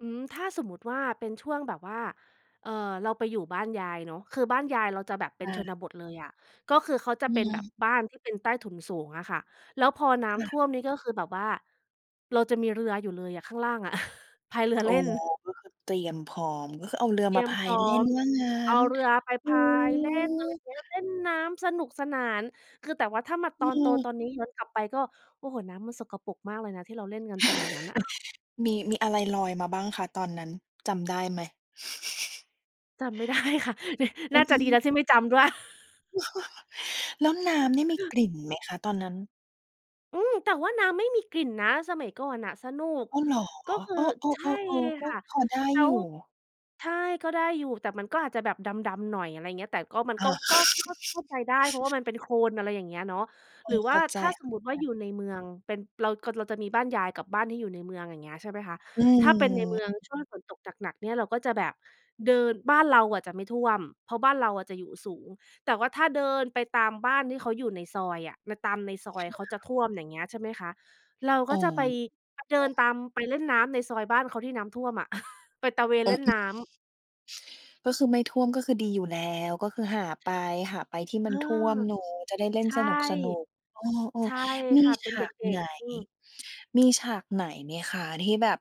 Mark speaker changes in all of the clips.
Speaker 1: อืม ถ้าสมมติว่าเป็นช่วงแบบว่า เอ่อ เราไปอยู่บ้านยายเนาะ คือบ้านยายเราจะแบบเป็นช
Speaker 2: เออ
Speaker 1: นบทเลยอะ ก็คือเขาจะ
Speaker 2: อื
Speaker 1: เป็นแบบ
Speaker 2: ม
Speaker 1: บ้านที่เป็นใต้ถุนสูงอะค่ะ แล้วพอน้
Speaker 2: ค่
Speaker 1: ำท่
Speaker 2: ะ
Speaker 1: วมนี่ก็คือแบบว่า เราจะมีเรืออยู่เลยอะ ข้างล่างอะ พายเรือ
Speaker 2: โอ
Speaker 1: เ
Speaker 2: ้
Speaker 1: ล่น
Speaker 2: ก็คือเตรียมพร้อม ก็คือเอาเรือ
Speaker 1: เตร
Speaker 2: ม
Speaker 1: ี
Speaker 2: า
Speaker 1: ยม
Speaker 2: พา
Speaker 1: พร
Speaker 2: ย
Speaker 1: ้
Speaker 2: เ
Speaker 1: อ
Speaker 2: ล่น
Speaker 1: ม
Speaker 2: ว่างั้
Speaker 1: เอา
Speaker 2: น?
Speaker 1: เรือไป
Speaker 2: อ
Speaker 1: พ
Speaker 2: ุ๊
Speaker 1: ายเล่น อะไรอย
Speaker 2: ย
Speaker 1: ่างเงี้ย เล่นน้ำสนุกสนาน คือแต่ว่าถ้ามา
Speaker 2: อ
Speaker 1: ตอนโตต
Speaker 2: ือ
Speaker 1: อนนี้ย้อนกลับไปก็ โอ้โฮ น้ำมันสกปรกมากเลยนะที่เราเล่นกันสมัยนั้นน่ะ
Speaker 2: มี มีอะไรลอยมาบ้างคะตอนนั้นจำได้ไหม?
Speaker 1: จำ ไม่ได้ ค่ะ น
Speaker 2: อ
Speaker 1: น
Speaker 2: ุ๊
Speaker 1: ่าจะดีแ
Speaker 2: ย
Speaker 1: ล้วที่ไม่จำด้วย
Speaker 2: แล้วน้ำนี่มีกลิ่นไหมคะตอนนั้น?
Speaker 1: อืม แต่ว่าน้ำไม่มีกลิ่นนะสมัยก่อนน่ะ สนุก
Speaker 2: อ้าวเหรอ?
Speaker 1: ก็คื
Speaker 2: เ
Speaker 1: อ
Speaker 2: อ
Speaker 1: ใช่
Speaker 2: อ ๆ ๆ ๆ ก
Speaker 1: ค
Speaker 2: ็
Speaker 1: ่ะ
Speaker 2: พอได้
Speaker 1: แล้
Speaker 2: อยู
Speaker 1: ว
Speaker 2: ่
Speaker 1: ใช่ ก็ได้อยู่ แต่มันก็อาจจะแบบดำ ๆ หน่อย อะไรอย่างเงี้ย แต่ก็มัน
Speaker 2: อ
Speaker 1: ก็
Speaker 2: า
Speaker 1: ก็ ก็เข้าใจได้ เพราะว่ามันเป็นโคลน อะไรอย่างเงี้ยเนาะ
Speaker 2: เอ
Speaker 1: หรือ
Speaker 2: อ
Speaker 1: ว
Speaker 2: เข
Speaker 1: ่
Speaker 2: ้
Speaker 1: า
Speaker 2: าใจ
Speaker 1: ถ้าสม
Speaker 2: ๆ
Speaker 1: มติว่าอยู่ในเมืองเป็น เรา ก เราจะมีบ้านยายกับบ้านที่อยู่ในเมือง อย่างเงี้ย ใช่ไหมคะ
Speaker 2: อื
Speaker 1: ถ้าเป็นในเมือง
Speaker 2: ม
Speaker 1: ช่วงฝนตกหนัก ๆ เนี่ยเราก็จะแบบเดิน บ้านเราอะจะไม่ท่วม เพราะบ้านเราอะจะอยู่สูง แต่ว่าถ้าเดินไปตามบ้านที่เขาอยู่ในซอยอะ น ตามในซอ
Speaker 2: ค
Speaker 1: ยเขาจะ
Speaker 2: ่ะ
Speaker 1: ท่วม อย่างเงี้ย ใช่ไหมคะ เราก
Speaker 2: อ
Speaker 1: ็
Speaker 2: ๋
Speaker 1: จะไป
Speaker 2: อ
Speaker 1: เดินตามไปเล่นน้ำในซอยบ้านเขาที่น้ำท่วมอะ ไปตระเวน
Speaker 2: อ
Speaker 1: เล่น
Speaker 2: อื
Speaker 1: น
Speaker 2: ม
Speaker 1: ้ำ
Speaker 2: ก็คือไม่ท่วมก็คือดีอยู่แล้ว ก็คือหาไป หาไปที่
Speaker 1: เอ
Speaker 2: มั
Speaker 1: อ
Speaker 2: นท่วมหนูจะได้เล่
Speaker 1: ใ
Speaker 2: น
Speaker 1: ช่
Speaker 2: สนุก ๆ เออ
Speaker 1: ใช่
Speaker 2: ๆ ม
Speaker 1: ค
Speaker 2: ี
Speaker 1: ่ะ เป
Speaker 2: ฉ
Speaker 1: ็นเด
Speaker 2: าก
Speaker 1: ็
Speaker 2: ไ
Speaker 1: ก
Speaker 2: หน
Speaker 1: ๆ อืม
Speaker 2: มีฉากไหนไหมคะ? ที่แบบ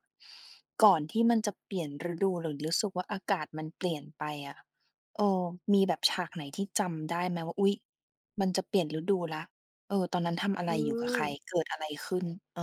Speaker 2: ก่อนที่มันจะเปลี่ยนฤดูหรือรู้สึกว่าอากาศมันเปลี่ยนไปอะ เออ มีแบบฉากไหนที่จำได้ไหมว่า อุ๊ย มันจะเปลี่ยนฤดูแล้ว เออ ตอนนั้นทำอะ
Speaker 1: อ
Speaker 2: ไ
Speaker 1: ื
Speaker 2: ร? อยู่กับใค
Speaker 1: ม
Speaker 2: ร? เกิดอะไรขึ้น? เออ